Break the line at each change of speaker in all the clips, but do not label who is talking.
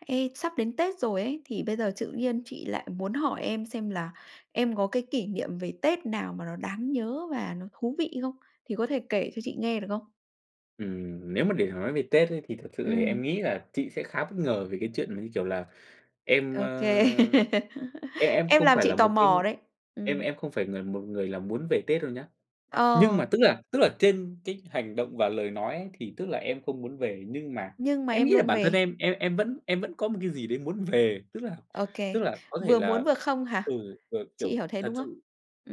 Ê, sắp đến Tết rồi ấy, thì bây giờ tự nhiên chị lại muốn hỏi em xem là em có cái kỷ niệm về Tết nào mà nó đáng nhớ và nó thú vị không? Thì có thể kể cho chị nghe được không?
Ừm, nếu mà để mà nói về Tết ấy, thì thật sự thì em
Ừm.
nghĩ là chị sẽ khá bất ngờ về cái chuyện mà, như kiểu là, em, ơ,
OK,
em em
em
không
làm
phải
chị
là
tò
một cái
mò đấy.
em
Ừm.
em không phải ng một người là muốn về Tết đâu nhá. Nhưng
Ờ.
mà, tức là tức là, trên cái hành động và lời nói ấy, thì tức là em không muốn về, nhưng mà
Nhưng mà
em
em
nghĩ là
luôn
bản thân
về.
em, em em vẫn em vẫn có một cái gì đấy muốn về. Tức là
OK,
tức là có thể
vừa muốn
là,
vừa không
ừ,
hả?
kiểu
Chị
kiểu,
hiểu thế,
thật
đúng không?
sự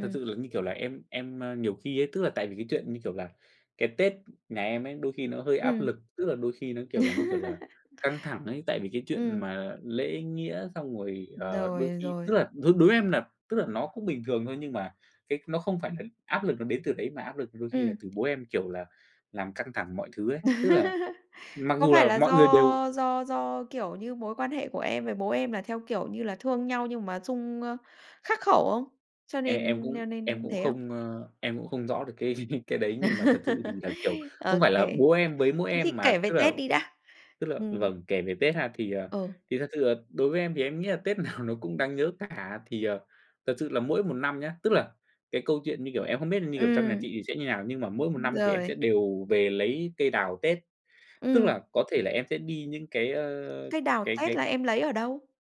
thật sự là, như kiểu là, em em, a, nhiều khi ấy, tức là, tại vì cái chuyện, như kiểu là, cái Tết nhà em ấy, đôi khi nó hơi áp
Ừm.
lực. Tức là, đôi khi nó, kiểu là, như kiểu là, căng thẳng ấy, tại vì cái chuyện
Ừm.
mà lễ nghĩa xong rồi,
Ừm,
ờ,
rồi,
đôi khi
rồi.
tức là, đối đối em là, tức là nó cũng bình thường thôi, nhưng mà cái nó không phải là áp lực nó đến từ đấy mà áp lực đôi khi là
Ừm.
từ bố em, kiểu là, làm căng thẳng mọi thứ ấy. Tức là mặc
Có
dù
phải
là
là
mọi người đều
do do do, kiểu như, mối quan hệ của em với bố em là, theo kiểu như là, thương nhau nhưng mà xung, ơ khắc khẩu không? Cho
Em em
nên
cũng
cho
em
nên
cũng
thế không?
không, ơ em cũng không rõ được cái cái đấy nhưng mà thật sự thì là, kiểu, không phải
OK,
là bố
thế
em với mỗi em
thì kể
mà,
về
tức là
Tết đi đã.
tức là
Ừm.
vầng, kể về Tết ha. Thì, ờ,
Ừ.
thì thật sự là đối với em thì em nghĩ là Tết nào nó cũng đáng nhớ cả. Thì, ờ, thật sự là mỗi một năm nhá, tức là, cái câu chuyện như kiểu em không biết, như kiểu, trong nhà
Ừm.
chị thì sẽ như nào, nhưng mà mỗi một
Ừm,
năm thì em sẽ
rồi.
đều về lấy cây đào Tết. Tức
Ừm.
là, có thể là em sẽ đi những cái, ơ,
Cây đào
cái
Tết
cái
là em lấy ở đâu?